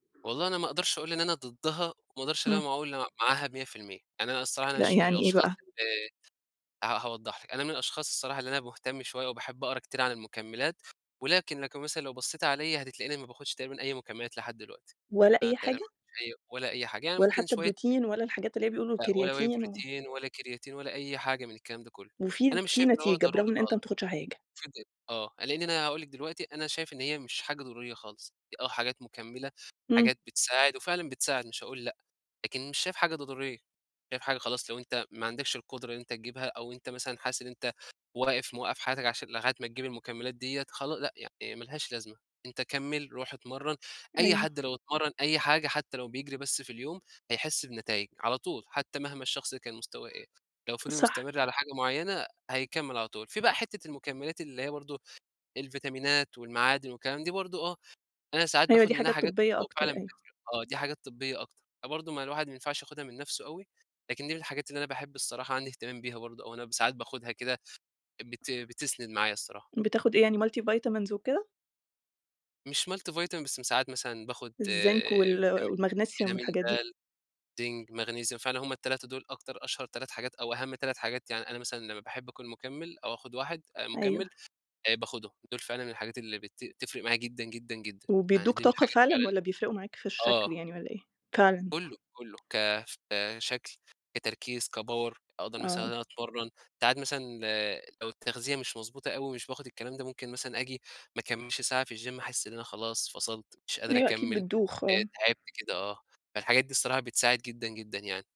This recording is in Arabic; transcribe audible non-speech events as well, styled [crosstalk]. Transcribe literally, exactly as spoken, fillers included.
والله أنا ما أقدرش أقول إن أنا ضدها، وما أقدرش إن أنا إمم. ما أقول م معاها مِيّة في المِيّة، يعني أنا الصراحة أنا لأ مش من يعني إيه الأشخاص بقى؟ اللي ه هاوضح لِك أنا من الأشخاص الصراحة اللي أنا مهتم شوية وباحب أقرا كتير عن المُكملات، ولكن لكن مثلًا لو بصيتِ عليَّ هتتلاقيني ما باخدش تقريبًا أي مُكملات لحد دلوقتي، ولا أنا أي تقريبًا حاجة؟ [unintelligible] ولا أي حاجة يعني ولا ممكن حتى شوية protein ولا الحاجات اللي هي بيقولوا لأ ولا whey creatine و protein ولا creatine ولا أي حاجة من الكلام ده كلّه، وفي أنا مش في شايف إن هو نتيجة برغم ضروري إن أنت ما خالص، بتاخدش حاجة؟ [unintelligible] آه، لإني أنا هاقول لِك دلوقتي أنا شايف إن هي مش حاجة ضرورية خالص، آه حاجات مُكملة إمم. حاجات بتساعد، وفعلًا بتساعد مش هاقول لأ، لكن مش شايف حاجة ضضورية، شايف حاجة خلاص لو أنت ما عندكش القدرة إن أنت تجيبها أو أنت مثلًا حاسس إن أنت واقف موقّف حياتك عشان لغاية ما تجيب المُكملات ديّة خلا لأ يعني ما لهاش لازمة، أنت كمّل روح اتمرن، أي أيوه. حد لو اتمرن أي حاجة حتى لو بيجري بس في اليوم هيحس بنتايج، على طول، حتى مهما الشخص كان مستواه، إيه لو فضل صح. مستمر على حاجة معيّنة هيكمّل على طول، في بقى حتة المُكملات اللي هي برضو الفيتامينات والمعادن والكلام دي برضو آه، أنا ساعات أيوه باخد دي منّها حاجات حاجات، طبية [unintelligible] أكتر وفعلًا بت أيوه. آه دي حاجات طبية أكتر، فبرضو ما الواحد ما ينفعش ياخدها من نَفسه أوي، لكن دي من الحاجات اللي أنا باحب الصراحة عندي اهتمام بيها برضو أو أنا ساعات باخدها كده بت بتسند معايا الصراحة. بتاخد إيه يعني multivitamins وكده؟ مش multivitamin بس ساعات مثلًا باخد [unintelligible] الزنك وال فيتامين والماغنيسيوم فيتامين والحاجات دي. دال، زنك، ماغنيسيوم، فعلًا هُم التلاتة دول أكتر أشهر تلات حاجات أو أهم تلات حاجات يعني أنا مثلًا لمّا باحب أكون مُكمل أو آخد واحد آآ، أيوه. مُكمل آآ، باخدهم، دول فعلًا الحاجات اللي بت تفرق معايا جدًا جدًا جدًا، يعني وبيدوك دي من طاقة الحاجات فعلًا، فعلًا والَّا بيفرقوا معاك في الشكل آه. يعني والَّا إيه؟ فعلًا. كلّه، كلّه، كف كشكل كتركيز كpower أقدر مثلًا إن آه. أنا أتمرن، ساعات مثلًا، لو التغذية مش مضبوطة أوي مش باخد الكلام ده ممكن مثلًا آجي ما اكملش ساعة في الجيم أحس إن أنا خلاص فصلت مش قادر أيوه أكيد أكمّل بتدوخ آآ آه. تعبت كده آه، فالحاجات دي بصراحة بتساعد جدًا جدًا يعني.